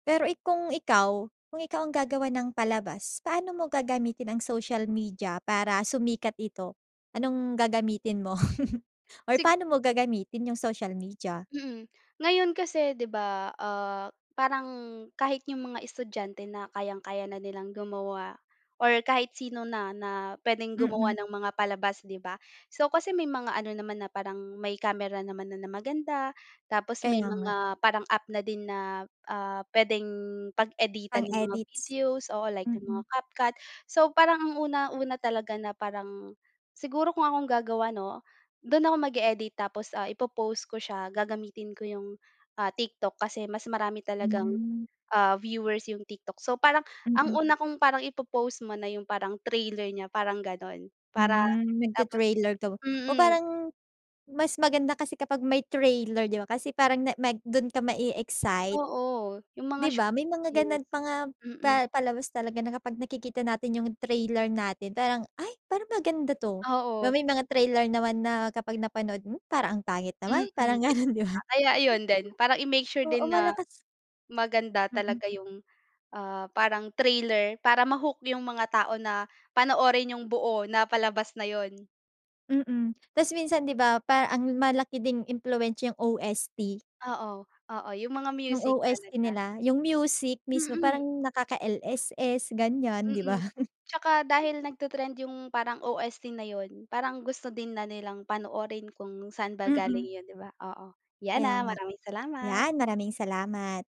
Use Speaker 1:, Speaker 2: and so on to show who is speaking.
Speaker 1: Pero, eh, kung ikaw kung ikaw ang gagawa ng palabas paano mo gagamitin ang social media para sumikat ito? Anong gagamitin mo? Or
Speaker 2: Sig
Speaker 1: paano mo gagamitin yung social media?
Speaker 2: Mm. Ngayon kasi 'di ba, ah, parang kahit yung mga estudyante na kayang-kaya na nilang gumawa or kahit sino na, na pwedeng gumawa
Speaker 1: Mm.
Speaker 2: ng mga palabas, 'di ba? So, kasi may mga ano naman na parang may camera naman na, na maganda tapos may
Speaker 1: Kaya nga.
Speaker 2: mga parang app na din na, ah, p'wedeng pag-editan
Speaker 1: Pang
Speaker 2: nung mga
Speaker 1: edits?
Speaker 2: videos, oo like ng mga
Speaker 1: Mm.
Speaker 2: CapCut. So, parang ang una-una talaga na parang siguro kung akong gagawa 'no? Dun ako mag-e-edit tapos, ah, ipo-post ko siya gagamitin ko yung, ah, TikTok kasi mas marami talagang,
Speaker 1: Hmm.
Speaker 2: ah, viewers yung TikTok. So, parang ang
Speaker 1: Mm.
Speaker 2: una kong parang ipo-post muna yung parang trailer niya parang ganun. Para
Speaker 1: Hmm,
Speaker 2: tapos
Speaker 1: nagti-trailer ka wu oh,
Speaker 2: mm.
Speaker 1: parang mas maganda kasi kapag may trailer, 'di ba? Kasi parang na mag dun ka ma-e-excite.
Speaker 2: Oo, yung mga
Speaker 1: 'Di
Speaker 2: short
Speaker 1: ba? may mga ganun
Speaker 2: videos.
Speaker 1: pa nga pa
Speaker 2: Mm.
Speaker 1: palabas talaga na kapag nakikita natin yung trailer natin parang, "Ay parang maganda 'to", 'Ba
Speaker 2: Oo.
Speaker 1: may mga trailer naman na kapag napanood mo parang ang pangit
Speaker 2: Mm,
Speaker 1: naman
Speaker 2: 'yun
Speaker 1: parang
Speaker 2: nga.
Speaker 1: ganun, 'di ba?
Speaker 2: Kaya ayun din parang i-make sure
Speaker 1: Oo
Speaker 2: din na
Speaker 1: malakas
Speaker 2: maganda
Speaker 1: Mm.
Speaker 2: talaga yung, ah, parang trailer para ma-hook yung mga tao na panoorin yung buo na palabas na yun.
Speaker 1: Mm. Tas minsan 'di ba parang ang malaki ding impluwensiya yung OST.
Speaker 2: Oo, oo yung mga
Speaker 1: Yung
Speaker 2: music
Speaker 1: OST
Speaker 2: talaga.
Speaker 1: nila, yung music mismo
Speaker 2: Mm.
Speaker 1: parang nakaka-LSS ganyan, 'di ba?
Speaker 2: Mm. Tsaka dahil nag-te-trend yung parang OST na yun parang gusto din na nilang panoorin kung saan ba galing
Speaker 1: Mm.
Speaker 2: 'yon, 'di ba? Oo. Yan,
Speaker 1: Kaya
Speaker 2: ah,
Speaker 1: nga.
Speaker 2: maraming salamat.
Speaker 1: Yan, maraming salamat.